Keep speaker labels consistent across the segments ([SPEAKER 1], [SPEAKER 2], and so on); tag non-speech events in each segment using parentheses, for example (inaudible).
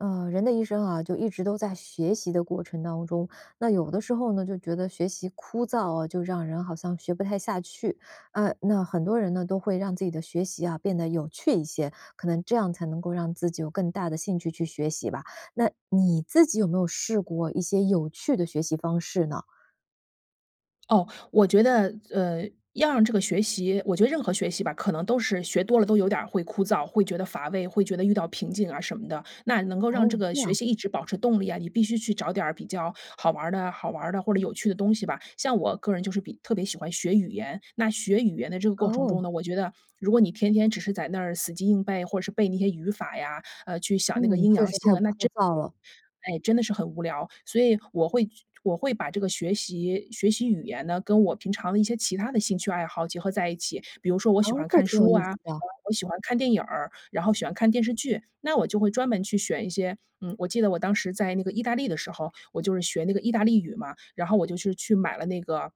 [SPEAKER 1] 呃，人的一生啊，就一直都在学习的过程当中。那有的时候呢，就觉得学习枯燥哦，就让人好像学不太下去。呃，那很多人呢，都会让自己的学习啊，变得有趣一些，可能这样才能够让自己有更大的兴趣去学习吧。那你自己有没有试过一些有趣的学习方式呢？
[SPEAKER 2] 哦，我觉得，呃，要让这个学习我觉得任何学习吧，可能都是学多了，都有点儿会枯燥，会觉得乏味，会觉得遇到瓶颈啊什么的。那能够让
[SPEAKER 1] 哦，
[SPEAKER 2] 这个
[SPEAKER 1] 这
[SPEAKER 2] 学
[SPEAKER 1] 样。
[SPEAKER 2] 习一直保持动力啊，你必须去找点儿比较好玩儿的好玩儿的，或者有趣的东西吧。像我个人就是比特别喜欢学语言，那学语言的这个过程中
[SPEAKER 1] 哦。
[SPEAKER 2] 呢，我觉得，如果你天天只是在那儿死记硬背，或是背那些语法呀，呃，去想那个
[SPEAKER 1] 嗯，
[SPEAKER 2] 阴
[SPEAKER 1] 确
[SPEAKER 2] 阳
[SPEAKER 1] 实
[SPEAKER 2] 性
[SPEAKER 1] 太
[SPEAKER 2] 啊，那
[SPEAKER 1] 枯
[SPEAKER 2] 真
[SPEAKER 1] 燥了。
[SPEAKER 2] 哎，真的是很无聊。所以我会去我会把这个学习学习语言呢，跟我平常的一些其他的兴趣爱好结合在一起。比如说我喜欢
[SPEAKER 1] 哦，这
[SPEAKER 2] 看
[SPEAKER 1] 挺有
[SPEAKER 2] 书
[SPEAKER 1] 意思
[SPEAKER 2] 啊，嗯，
[SPEAKER 1] 的。
[SPEAKER 2] 我喜欢看电影儿，然后喜欢看电视剧。那我就会专门去选一些嗯，我记得我当时在那个意大利的时候，我就是学那个意大利语嘛，然后我就是去买了那个，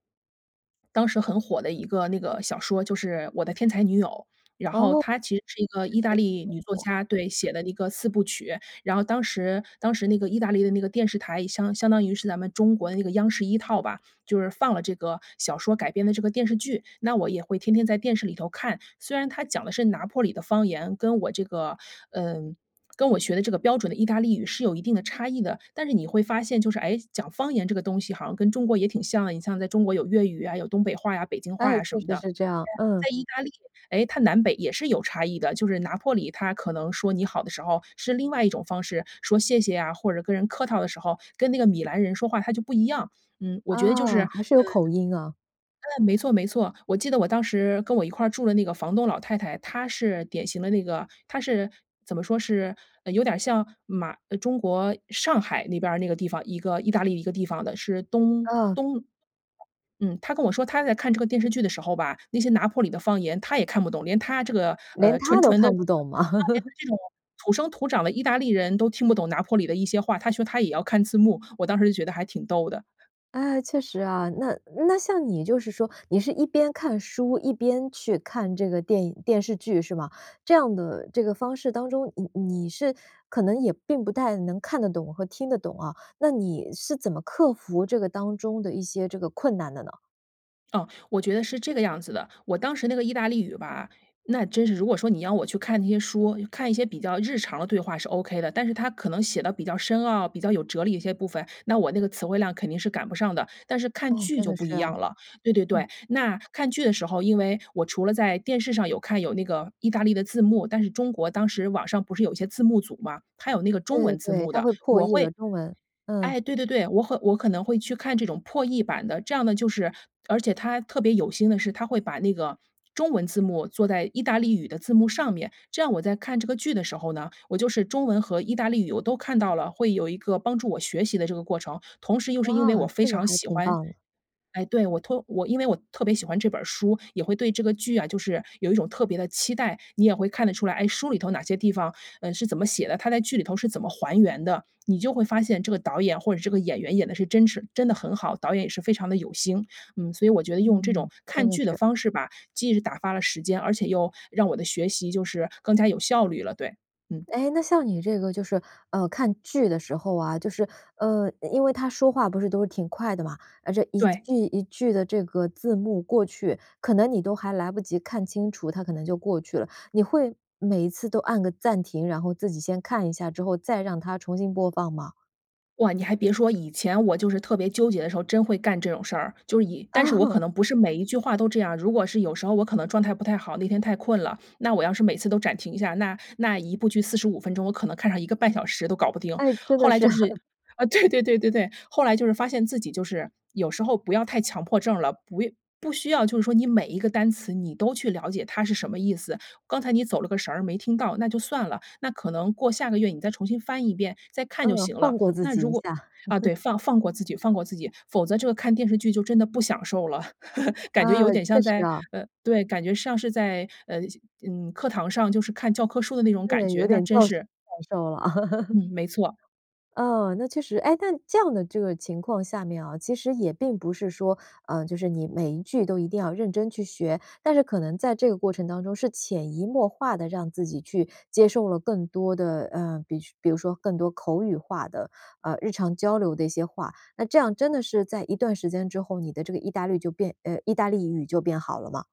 [SPEAKER 2] 当时很火的一个那个小说，就是《我的天才女友》。然后
[SPEAKER 1] 哦，
[SPEAKER 2] 它其实是一个
[SPEAKER 1] 确
[SPEAKER 2] 意
[SPEAKER 1] 实
[SPEAKER 2] 大
[SPEAKER 1] 很
[SPEAKER 2] 利女作
[SPEAKER 1] 火啊。
[SPEAKER 2] 家，对，写的一个四部曲。然后当时当时那个意大利的那个电视台，相相当于是咱们中国的那个央视一套吧，就是放了这个小说改编的这个电视剧。那我也会天天在电视里头看。虽然他讲的是拿坡里的方言，跟我这个嗯，跟我学的这个标准的意大利语是有一定的差异的，但是你会发现就是，诶，讲方言这个东西好像跟中国也挺像。你像在中国有粤语啊，有东北话呀，北京话
[SPEAKER 1] 哎，
[SPEAKER 2] 呀什
[SPEAKER 1] 确
[SPEAKER 2] 么
[SPEAKER 1] 实
[SPEAKER 2] 的。
[SPEAKER 1] 是这样，嗯。
[SPEAKER 2] 对啊，在意大利，诶，它南北也是有差异的。就是拿坡里他可能说你好的时候是另外一种方式，说谢谢啊，或者跟人客套的时候，跟那个米兰人说话他就不一样。嗯，我觉得就是，
[SPEAKER 1] 啊，
[SPEAKER 2] 呃
[SPEAKER 1] 还是有口音啊。
[SPEAKER 2] 嗯，没错没错。我记得我当时跟我一块儿住的那个房东老太太，她是典型的那个她是怎么说是呃，有点儿像马呃，中国上海那边儿那个地方，一个意大利一个地方的，是东
[SPEAKER 1] 嗯。
[SPEAKER 2] 东嗯，她跟我说她在看这个电视剧的时候吧，那些拿坡里的方言她也看不懂。连她这个，
[SPEAKER 1] 连
[SPEAKER 2] 呃，
[SPEAKER 1] 她
[SPEAKER 2] 纯
[SPEAKER 1] 都
[SPEAKER 2] 纯的这个
[SPEAKER 1] 看
[SPEAKER 2] 就
[SPEAKER 1] 不懂吗？
[SPEAKER 2] 连
[SPEAKER 1] (chuckles)
[SPEAKER 2] 她这种土生土长的意大利人都听不懂拿坡里的一些话，她说她也要看字幕，我当时就觉得还挺逗的。
[SPEAKER 1] 哎，确实啊。那那像你就是说，你是一边看书，一边去看这个电影电视剧是吗？这样的这个方式当中，你你是可能也并不太能看得懂和听得懂啊。那你是怎么克服这个当中的一些这个困难的呢？
[SPEAKER 2] 哦，我觉得是这个样子的。我当时那个意大利语吧，那真是如果说你要我去看那些书，看一些比较日常的对话是 ok 的。但是它可能写得比较深奥，比较有哲理的一些部分，那我那个词汇量肯定是赶不上的。但是看
[SPEAKER 1] 哦，
[SPEAKER 2] 剧
[SPEAKER 1] 真
[SPEAKER 2] 就
[SPEAKER 1] 的
[SPEAKER 2] 不
[SPEAKER 1] 是
[SPEAKER 2] 一
[SPEAKER 1] 啊。
[SPEAKER 2] 样了对对对，
[SPEAKER 1] 嗯。
[SPEAKER 2] 那看剧的时候，因为我除了在电视上有看有那个意大利的字幕，但是中国当时网上不是有一些字幕组嘛，它有那个中
[SPEAKER 1] 对对
[SPEAKER 2] 文字
[SPEAKER 1] 对，
[SPEAKER 2] 幕
[SPEAKER 1] 它
[SPEAKER 2] 的，
[SPEAKER 1] 会破
[SPEAKER 2] 我
[SPEAKER 1] 译
[SPEAKER 2] 会
[SPEAKER 1] 了中文，嗯。
[SPEAKER 2] 哎，对对对，我会我和可能会去看这种破译版的。这样呢，就是而且它特别有心的是它会把那个中文字幕做在意大利语的字幕上面。这样我在看这个剧的时候呢，我就是中文和意大利语，我都看到了，会有一个帮助我学习的这个过程。同时又是因为
[SPEAKER 1] 哇，
[SPEAKER 2] 我非
[SPEAKER 1] 这个
[SPEAKER 2] 常
[SPEAKER 1] 还
[SPEAKER 2] 喜
[SPEAKER 1] 挺
[SPEAKER 2] 欢
[SPEAKER 1] 棒的。
[SPEAKER 2] 哎，对，我托我因为我特别喜欢这本儿书，也会对这个剧啊，就是有一种特别的期待。你也会看得出来，哎，书里头哪些地方，呃，是怎么写的，它在剧里头是怎么还原的。你就会发现这个导演或者这个演员演得是真是真的很好，导演也是非常地有心。嗯，所以我觉得用这
[SPEAKER 1] 嗯，
[SPEAKER 2] 种
[SPEAKER 1] 真
[SPEAKER 2] 看
[SPEAKER 1] 的
[SPEAKER 2] 剧的
[SPEAKER 1] 是。
[SPEAKER 2] 方式吧，既是打发了时间，而且又让我的学习就是更加有效率了，对，嗯。
[SPEAKER 1] 哎，那像你这个就是，呃，看剧的时候啊，就是，呃，因因为他说话不是都是挺快的嘛，啊，这一
[SPEAKER 2] 对。
[SPEAKER 1] 句一句的这个字幕过去，可能你都还来不及看清楚，它可能就过去了。你会每一次都按个暂停，然后自己先看一下之后再让它重新播放吗？
[SPEAKER 2] 哇，你还别说，以前我就是特别纠结的时候，真会干这种事儿！就是以但是我可
[SPEAKER 1] 啊。
[SPEAKER 2] 能不是每一句话都这样。如果是有时候我可能状态不太好，那天太困了，那我要是每次都暂停一下，那那一部剧45分钟，我可能看上1.5小时都搞不定。
[SPEAKER 1] 诶，真的
[SPEAKER 2] 后来
[SPEAKER 1] 是。
[SPEAKER 2] 就是
[SPEAKER 1] (chuckles)
[SPEAKER 2] 啊，对对对对对，后来就是发现自己就是，有时候不要太强迫症了。不要不需要就是说，你每一个单词你都去了解它是什么意思。刚才你走了个神儿，没听到，那就算了。那可能过下个月你再重新翻一遍，再看就
[SPEAKER 1] 嗯，
[SPEAKER 2] 行
[SPEAKER 1] 放
[SPEAKER 2] 了。
[SPEAKER 1] 过自
[SPEAKER 2] 那
[SPEAKER 1] 己
[SPEAKER 2] 如
[SPEAKER 1] 一
[SPEAKER 2] 果
[SPEAKER 1] 下。
[SPEAKER 2] 啊，
[SPEAKER 1] (chuckles)
[SPEAKER 2] 对，放放过自己放过自己，否则这个看电视剧就真的不享受了，(chuckles) 感
[SPEAKER 1] 啊，
[SPEAKER 2] 觉有点
[SPEAKER 1] 确
[SPEAKER 2] 像
[SPEAKER 1] 实
[SPEAKER 2] 在
[SPEAKER 1] 啊。
[SPEAKER 2] 呃，对，感觉像是在，呃，嗯，课堂上就是看教科书的那种感
[SPEAKER 1] 对，有
[SPEAKER 2] 觉，那
[SPEAKER 1] 点
[SPEAKER 2] 真
[SPEAKER 1] 教学
[SPEAKER 2] 是
[SPEAKER 1] 感受了。(laughs)
[SPEAKER 2] 嗯，没错。
[SPEAKER 1] 嗯，那确实诶，那这样的这个情况下面啊，其实也并不是说，呃，就是你每一句都一定要认真去学，但是可能在这个过程当中，是潜移默化地让自己去接受了更多的，呃，比比如说更多口语化的，呃，日常交流的一些话。那这样真的是在一段时间之后，你的这个意大绿就变呃，意大利语就变好了吗？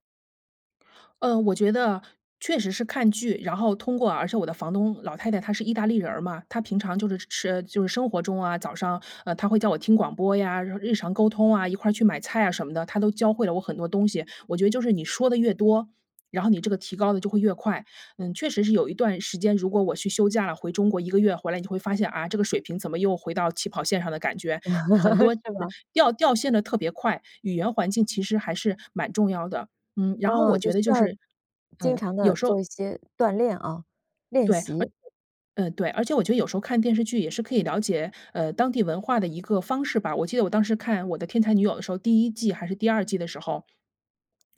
[SPEAKER 2] 呃，我觉得啊，确实是看剧，然后通过啊而且我的房东老太太她是意大利人儿嘛，她平常就是吃呃，就是生活中啊，早上，呃，她会叫我听广播呀，然后日常沟通啊，一块儿去买菜啊什么的，她都教会了我很多东西。我觉得就是你说得越多，然后你这个提高得就会越快。嗯，确实是有一段时间，如果我去休假了，回中国1个月回来，你就会发现，啊，这个水平怎么又回到起跑线上的感觉，很
[SPEAKER 1] (laughs)
[SPEAKER 2] 多词
[SPEAKER 1] 是吗？
[SPEAKER 2] 掉掉线得特别快，语言环境其实还是蛮重要的。嗯，然后我
[SPEAKER 1] 啊，就
[SPEAKER 2] 觉得
[SPEAKER 1] 需
[SPEAKER 2] 就
[SPEAKER 1] 要
[SPEAKER 2] 是
[SPEAKER 1] 经
[SPEAKER 2] 嗯，
[SPEAKER 1] 常
[SPEAKER 2] 有
[SPEAKER 1] 地
[SPEAKER 2] 时候
[SPEAKER 1] 做一些锻炼啊，练
[SPEAKER 2] 对，而且
[SPEAKER 1] 习。
[SPEAKER 2] 嗯，对，而且我觉得有时候看电视剧也是可以了解，呃，当地文化的一个方式吧。我记得我当时看《我的天才女友》的时候，第1季还是第2季的时候，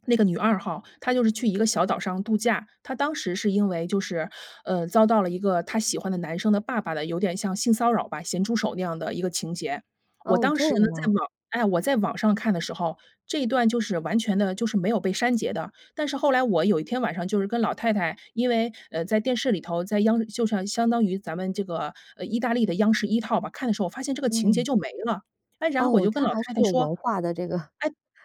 [SPEAKER 2] 那个女二号，她就是去一个小岛上度假。她当时是因为就是，呃，遭到了一个她喜欢的男生的爸爸的，有点像性骚扰吧，咸猪手那样的一个情节。我
[SPEAKER 1] 哦，
[SPEAKER 2] 当
[SPEAKER 1] 这
[SPEAKER 2] 时呢
[SPEAKER 1] 样吗？
[SPEAKER 2] 在网哎，我在网上看的时候，这一段就是完全的就是没有被删节的。但是后来我有一天晚上就是跟老太太因为，呃，在电视里头，在央就是啊，相当于咱们这个，呃，意大利的央视一套吧，看的时候发现这个情节
[SPEAKER 1] 嗯。
[SPEAKER 2] 就没了。哎，然后我
[SPEAKER 1] 哦，
[SPEAKER 2] 就跟
[SPEAKER 1] 她
[SPEAKER 2] 老
[SPEAKER 1] 还是
[SPEAKER 2] 太太
[SPEAKER 1] 有
[SPEAKER 2] 说哎，
[SPEAKER 1] 文化的这个 (chuckles)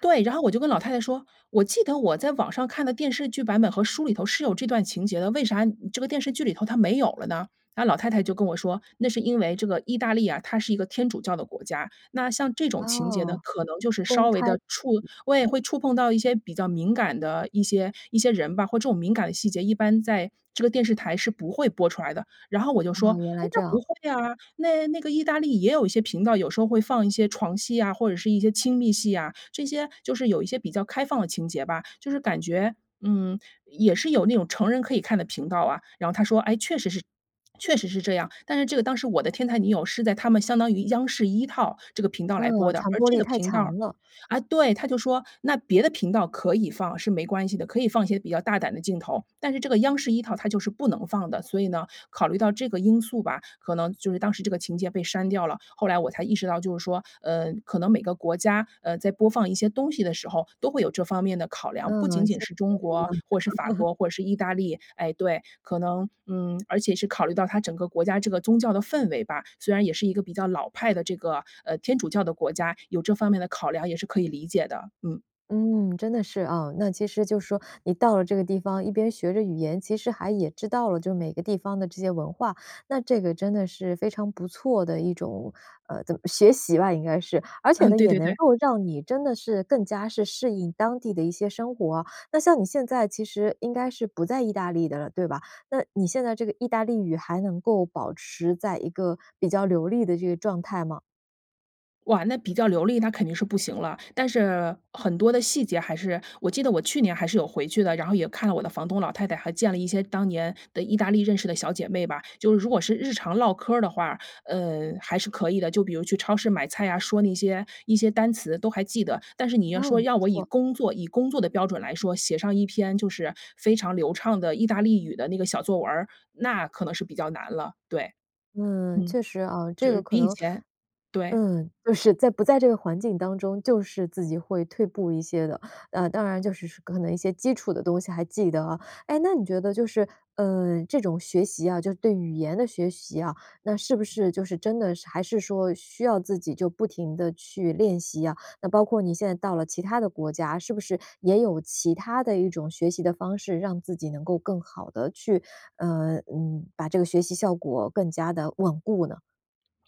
[SPEAKER 2] 对，然后我就跟老太太说：“我记得我在网上看的电视剧版本和书里头是有这段情节的，为啥这个电视剧里头它没有了呢？”那老太太就跟我说，那是因为这个意大利啊，它是一个天主教的国家，那像这种情节呢，
[SPEAKER 1] 哦，
[SPEAKER 2] 可能就是
[SPEAKER 1] 公
[SPEAKER 2] 稍微
[SPEAKER 1] 开。
[SPEAKER 2] 地触对，会触碰到一些比较敏感的一些一些人吧，或这种敏感的细节，一般在这个电视台是不会播出来的。然后我就说：
[SPEAKER 1] 啊，原来
[SPEAKER 2] “哎，
[SPEAKER 1] 这
[SPEAKER 2] 那不
[SPEAKER 1] 样。
[SPEAKER 2] 会啊，那那个意大利也有一些频道，有时候会放一些床戏啊，或者是一些亲密戏啊，这些就是有一些比较开放的情节吧，就是感觉，嗯，也是有那种成人可以看的频道啊？”然后她说：“诶，确实是 (swallows) 确实是这样。”但是这个当时《我的天才女友》是在他们相当于央视一套这个频道来
[SPEAKER 1] 嗯，
[SPEAKER 2] 播的，
[SPEAKER 1] 传
[SPEAKER 2] 而
[SPEAKER 1] 播
[SPEAKER 2] 这
[SPEAKER 1] 力
[SPEAKER 2] 个
[SPEAKER 1] 太
[SPEAKER 2] 频道儿
[SPEAKER 1] 强了。
[SPEAKER 2] 啊，对，她就说，那别的频道可以放是没关系的，可以放一些比较大胆的镜头，但是这个央视一套它就是不能放的。所以呢，考虑到这个因素吧，可能就是当时这个情节被删掉了。后来我才意识到就是说，呃，可能每个国家，呃，在播放一些东西的时候，都会有这方面的考量，不仅
[SPEAKER 1] 嗯，其
[SPEAKER 2] 仅
[SPEAKER 1] 实
[SPEAKER 2] 是中
[SPEAKER 1] 都
[SPEAKER 2] 国
[SPEAKER 1] 是一
[SPEAKER 2] 啊，
[SPEAKER 1] 样的。
[SPEAKER 2] 或者是法
[SPEAKER 1] (laughs)
[SPEAKER 2] 国或者是意大利，哎，对，可能，嗯，而且是考虑到它整个国家这个宗教的氛围吧，虽然也是一个比较老派的这个，呃，天主教的国家，有这方面的考量也是可以理解的，嗯。
[SPEAKER 1] 嗯，真的是啊。那其实就是说，你到了这个地方，一边学着语言，其实还也知道了就是每个地方的这些文化，那这个真的是非常不错的一种呃，怎么学习吧，应该是。而且
[SPEAKER 2] 嗯，
[SPEAKER 1] 呢，
[SPEAKER 2] 对
[SPEAKER 1] 也
[SPEAKER 2] 对-
[SPEAKER 1] 能
[SPEAKER 2] 对。
[SPEAKER 1] 够让你真的是更加是适应当地的一些生活啊。那像你现在其实应该是不在意大利的了，对吧？那你现在这个意大利语，还能够保持在一个比较流利的这个状态吗？
[SPEAKER 2] 哇，那比较流利，那肯定是不行了。但是，很多的细节还是我记得我去年还是有回去的，然后也看了我的房东老太太，还见了一些当年的意大利认识的小姐妹吧。就是如果是日常唠嗑儿的话，呃，还是可以的，就比如去超市买菜啊，说那些一些单词都还记得。但是你要
[SPEAKER 1] 哦，
[SPEAKER 2] 说，
[SPEAKER 1] 不
[SPEAKER 2] 要我以
[SPEAKER 1] 错。
[SPEAKER 2] 工作以工作的标准来说，写上一篇就是非常流畅的意大利语的那个小作文儿，那可能是比较难了，对。
[SPEAKER 1] 嗯，
[SPEAKER 2] 嗯，
[SPEAKER 1] 确实啊。这
[SPEAKER 2] 就
[SPEAKER 1] 个
[SPEAKER 2] 是
[SPEAKER 1] 可
[SPEAKER 2] 比以
[SPEAKER 1] 能，
[SPEAKER 2] 前对。
[SPEAKER 1] 嗯，就是在不在这个环境当中，就是自己会退步一些的，呃，当然就是说可能一些基础的东西还记得啊。哎，那你觉得就是，嗯，这种学习啊，就是对语言的学习啊，那是不是就是真的是还是说，需要自己就不停地去练习啊？那包括你现在到了其他的国家，是不是也有其他的一种学习的方式，让自己能够更好地去呃，嗯，把这个学习效果更加地稳固呢？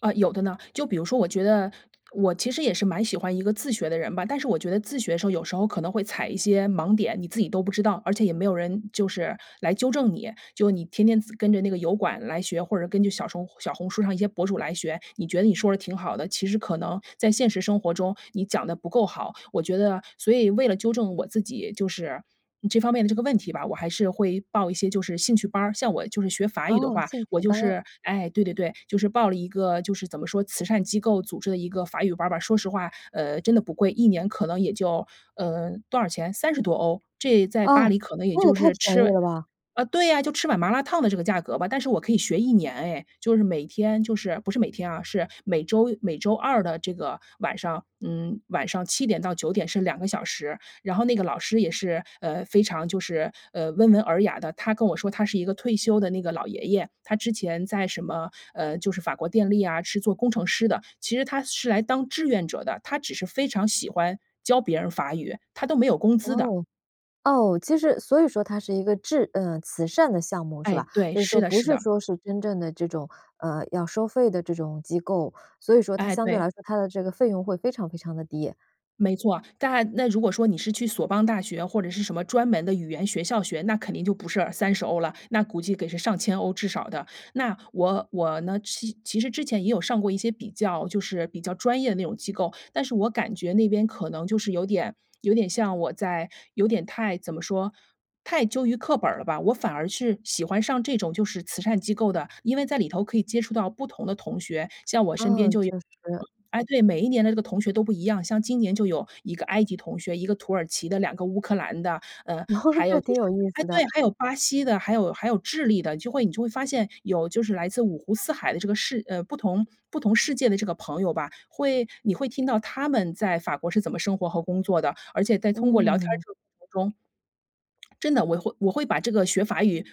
[SPEAKER 2] 呃，有的呢。就比如说我觉得，我其实也是蛮喜欢一个自学的人吧，但是我觉得自学时候有时候可能会踩一些盲点，你自己都不知道，而且也没有人就是来纠正你。就你天天自跟着那个油管来学，或者是根据小什小红书上一些博主来学，你觉得你说着挺好的，其实可能在现实生活中，你讲得不够好。我觉得所以为了纠正我自己就是，嗯，这方面的这个问题吧，我还是会报一些就是兴趣班儿。像我就是学法语的
[SPEAKER 1] 哦，
[SPEAKER 2] 话，
[SPEAKER 1] 兴
[SPEAKER 2] 我
[SPEAKER 1] 趣
[SPEAKER 2] 就
[SPEAKER 1] 班。
[SPEAKER 2] 是，哎对对对，就是报了一个，就是怎么说，慈善机构组织的一个法语班儿吧。说实话，呃，真的不贵，1年可能也就呃，多少钱，30多欧？这在巴
[SPEAKER 1] 哦，
[SPEAKER 2] 黎可能也
[SPEAKER 1] 那也
[SPEAKER 2] 就
[SPEAKER 1] 太
[SPEAKER 2] 是
[SPEAKER 1] 便宜
[SPEAKER 2] 吃
[SPEAKER 1] 了吧。
[SPEAKER 2] 呃，对呀，就吃碗麻辣烫的这个价格吧，但是我可以学1年哎。就是每天就是不是每天啊，是每周每周二的这个晚上，嗯，晚上7点到9点是2个小时。然后那个老师也是，呃，非常就是，呃，温文尔雅的。他跟我说他是一个退休的那个老爷爷，他之前在什么，呃，就是法国电力啊，是做工程师的，其实他是来当志愿者的，他只是非常喜欢教别人法语，他都没有工资的。
[SPEAKER 1] 哦，哦，其实所以说它是一个智嗯，慈善的项目是
[SPEAKER 2] 哎，
[SPEAKER 1] 吧？
[SPEAKER 2] 对，
[SPEAKER 1] 就是
[SPEAKER 2] 是
[SPEAKER 1] 说，
[SPEAKER 2] 的
[SPEAKER 1] 不
[SPEAKER 2] 是
[SPEAKER 1] 是
[SPEAKER 2] 的。
[SPEAKER 1] 说是真正的这种，呃，要收费的这种机构。所以说它
[SPEAKER 2] 哎，
[SPEAKER 1] 相对
[SPEAKER 2] 对。
[SPEAKER 1] 来说它的这个费用会非常非常地低。
[SPEAKER 2] 没错。但那如果说你是去索邦大学或者是什么专门的语言学校学，那肯定就不是30欧了，那估计得是上千欧至少的。那我我呢其其实之前也有上过一些比较就是比较专业的那种机构，但是我感觉那边可能就是有点有点像我在有点太怎么说，太究于课本儿了吧，我反而是喜欢上这种就是慈善机构的。因为在里头可以接触到不同的同学，像我身边
[SPEAKER 1] 嗯，
[SPEAKER 2] 就有
[SPEAKER 1] 确实。
[SPEAKER 2] 嗯，哎，对，每一年的这个同学都不一样。像今年就有一个埃及同学，一个土耳其的，两个乌克兰的，呃，
[SPEAKER 1] (laughs)
[SPEAKER 2] 还有
[SPEAKER 1] 这
[SPEAKER 2] 就
[SPEAKER 1] 挺有
[SPEAKER 2] 是
[SPEAKER 1] 意
[SPEAKER 2] 哎，
[SPEAKER 1] 思的。
[SPEAKER 2] 对，还有巴西的，还有还有智利的就会你就会发现有就是来自五湖四海的这个世呃，不同不同世界的这个朋友吧，会你会听到他们在法国是怎么生活和工作的，而且在通过聊天
[SPEAKER 1] 嗯。
[SPEAKER 2] 这个过程中真的，我会我会把这个学法语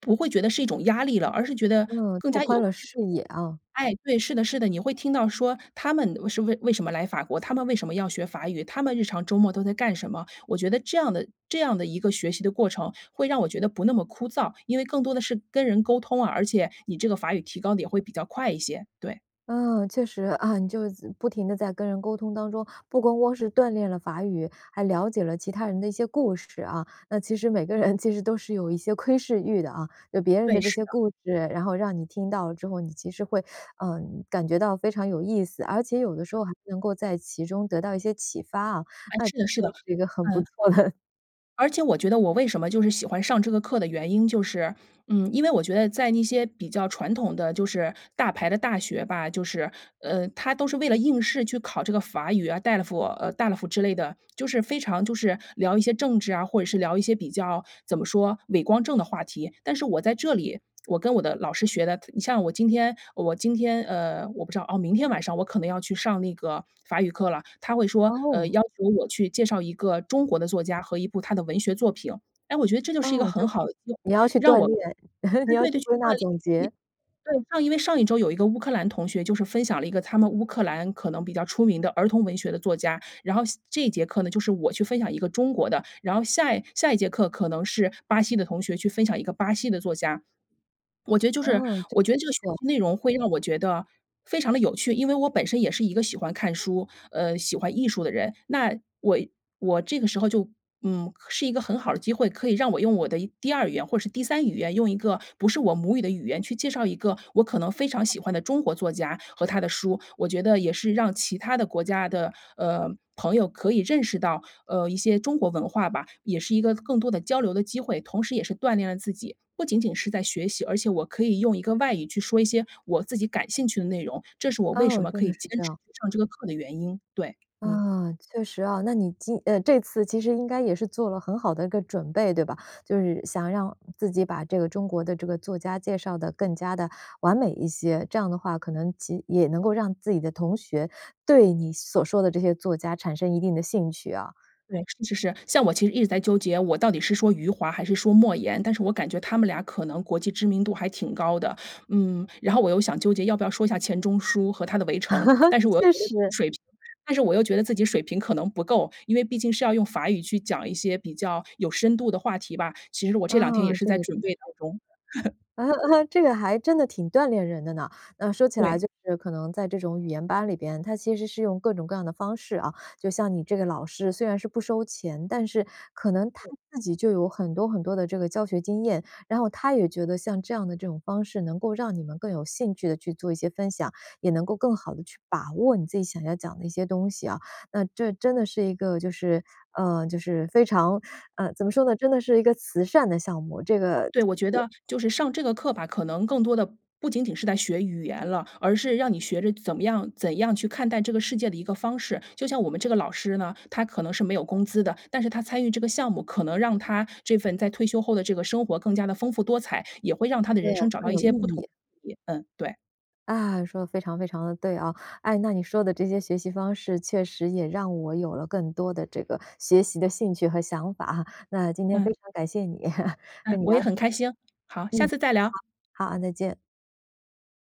[SPEAKER 2] 不会觉得是一种压力了，而是觉得
[SPEAKER 1] 嗯，
[SPEAKER 2] 更
[SPEAKER 1] 拓
[SPEAKER 2] 加
[SPEAKER 1] 宽
[SPEAKER 2] 有
[SPEAKER 1] 了
[SPEAKER 2] 趣。
[SPEAKER 1] 视野啊。
[SPEAKER 2] 哎，对，是的是的，你会听到说他们为是为为什么来法国？他们为什么要学法语？他们日常周末都在干什么？我觉得这样的这样的一个学习的过程，会让我觉得不那么枯燥，因为更多的是跟人沟通啊，而且你这个法语提高得也会比较快一些，对。
[SPEAKER 1] 嗯，确实，啊，你就是自不停地在跟人沟通当中，不光光是锻炼了法语，还了解了其他人的一些故事啊。那其实每个人其实都是有一些窥视欲的啊。有别人的
[SPEAKER 2] 对，
[SPEAKER 1] 这
[SPEAKER 2] 是
[SPEAKER 1] 些
[SPEAKER 2] 的。
[SPEAKER 1] 故事，然后让你听到了之后，你其实会，呃，感觉到非常有意思。而且有的时候还能够在其中得到一些启发啊，
[SPEAKER 2] 诶，
[SPEAKER 1] 那这
[SPEAKER 2] 是的是的，
[SPEAKER 1] 是一个很不
[SPEAKER 2] 嗯。
[SPEAKER 1] 错的 (laughs)
[SPEAKER 2] 而且我觉得我为什么就是喜欢上这个课的原因就是，嗯，因为我觉得在那些比较传统的就是大牌的大学吧，就是，呃，它都是为了应试去考这个法语啊，DELF 呃，DELF 之类的。就是非常就是，聊一些政治啊，或者是聊一些比较，怎么说，伟光正的话题。但是我在这里，我跟我的老师学的，它你像我今天我今天，呃，我不知道哦，明天晚上我可能要去上那个法语课了，他会说，呃，
[SPEAKER 1] 哦。
[SPEAKER 2] 要求我去介绍一个中国的作家和一部他的文学作品。诶，我觉得这就是一个
[SPEAKER 1] 哦，就
[SPEAKER 2] 很好的，(unintelligible)
[SPEAKER 1] 你要去
[SPEAKER 2] 让
[SPEAKER 1] 锻
[SPEAKER 2] 我
[SPEAKER 1] 炼，(chuckles)
[SPEAKER 2] 对
[SPEAKER 1] 你要
[SPEAKER 2] 对
[SPEAKER 1] 去
[SPEAKER 2] 对，去
[SPEAKER 1] 归
[SPEAKER 2] 锻
[SPEAKER 1] 纳
[SPEAKER 2] 炼，
[SPEAKER 1] 总结。
[SPEAKER 2] 一对，上因为上一周有一个乌克兰同学就是分享了一个他们乌克兰可能比较出名的儿童文学的作家。然后下这一节课呢，就是我去分享一个中国的。然后下一下一节课可能是巴西的同学去分享一个巴西的作家。(swallows) 我觉得就是
[SPEAKER 1] 哦，真
[SPEAKER 2] 我觉得这
[SPEAKER 1] 不
[SPEAKER 2] 个学
[SPEAKER 1] 错。
[SPEAKER 2] 习内容会让我觉得非常地有趣，因为我本身也是一个喜欢看书，呃，喜欢艺术的人。那我我这个时候就嗯，可是一个很好的机会，可以让我用我的第2语言或是第3语言，用一个不是我母语的语言去介绍一个我可能非常喜欢的中国作家和他的书。我觉得也是让其他的国家的，呃，朋友可以认识到，呃，一些中国文化吧。也是一个更多的交流的机会，同时也是锻炼了自己。不仅仅是在学习，而且我可以用一个外语去说一些我自己感兴趣的内容，这是我为什
[SPEAKER 1] 哦，
[SPEAKER 2] 么
[SPEAKER 1] 真
[SPEAKER 2] 可以
[SPEAKER 1] 的是
[SPEAKER 2] 坚
[SPEAKER 1] 这
[SPEAKER 2] 持
[SPEAKER 1] 样。
[SPEAKER 2] 去上这个课的原因，对，嗯。
[SPEAKER 1] 啊，确实啊。那你今呃，这次其实应该也是做了很好的一个准备对吧？就是，想让自己把这个中国的这个作家介绍得更加地完美一些，这样的话可能及也能够让自己的同学，对你所说的这些作家产生一定的兴趣啊。
[SPEAKER 2] 对，是是是。像我其实一直在纠结，我到底是说余华还是说莫言，但是我感觉他们俩可能国际知名度还挺高的。嗯，然后我又想纠结要不要说一下钱钟书和他的《围城》，但是我
[SPEAKER 1] (laughs)
[SPEAKER 2] 又觉
[SPEAKER 1] 确
[SPEAKER 2] 得
[SPEAKER 1] 实。
[SPEAKER 2] 水平但是我又觉得自己水平可能不够，因为毕竟是要用法语去讲一些比较有深度的话题吧。其实我这两天也
[SPEAKER 1] 啊，
[SPEAKER 2] 是
[SPEAKER 1] 这
[SPEAKER 2] 在
[SPEAKER 1] 个这
[SPEAKER 2] 准
[SPEAKER 1] 个
[SPEAKER 2] 备当
[SPEAKER 1] 这个。
[SPEAKER 2] 中。(laughs)
[SPEAKER 1] (laughs) 这个还真的挺锻炼人的呢。呃，说起来
[SPEAKER 2] 对。
[SPEAKER 1] 就是可能在这种语言班里边，它其实是用各种各样的方式啊，就像你这个老师，虽然是不收钱，但是可能他
[SPEAKER 2] 对。
[SPEAKER 1] 自己就有很多很多的这个教学经验。然后他也觉得像这样的这种方式能够让你们更有兴趣地去做一些分享，也能够更好地去把握你自己想要讲的一些东西啊。那这真的是一个就是呃，就是非常呃，怎么说呢，真的是一个慈善的项目。这个
[SPEAKER 2] 对，我觉
[SPEAKER 1] 就是
[SPEAKER 2] 得就是上这个课吧，可能更多的不仅仅是在学语言了，而是让你学着怎么样怎样去看待这个世界的一个方式。就像我们这个老师呢，他可能是没有工资的，但是他参与这个项目，可能让他这份在退休后的这个生活更加地丰富多彩，也会让他的
[SPEAKER 1] 对，
[SPEAKER 2] 人生找到
[SPEAKER 1] 更
[SPEAKER 2] 一
[SPEAKER 1] 有意
[SPEAKER 2] 些不同
[SPEAKER 1] 义。
[SPEAKER 2] 的意义，嗯，对。
[SPEAKER 1] 啊，说得非常非常地对啊。哎，那你说的这些学习方式确实也让我有了更多的这个学习的兴趣和想法哈，那今天非
[SPEAKER 2] 嗯。
[SPEAKER 1] 常感谢你，(laughs)
[SPEAKER 2] 嗯，
[SPEAKER 1] 跟你
[SPEAKER 2] 我
[SPEAKER 1] 聊
[SPEAKER 2] 也
[SPEAKER 1] 得很
[SPEAKER 2] 很开心。好，
[SPEAKER 1] 开
[SPEAKER 2] 下
[SPEAKER 1] 心。嗯，
[SPEAKER 2] 次再聊。
[SPEAKER 1] 好，好啊，再见。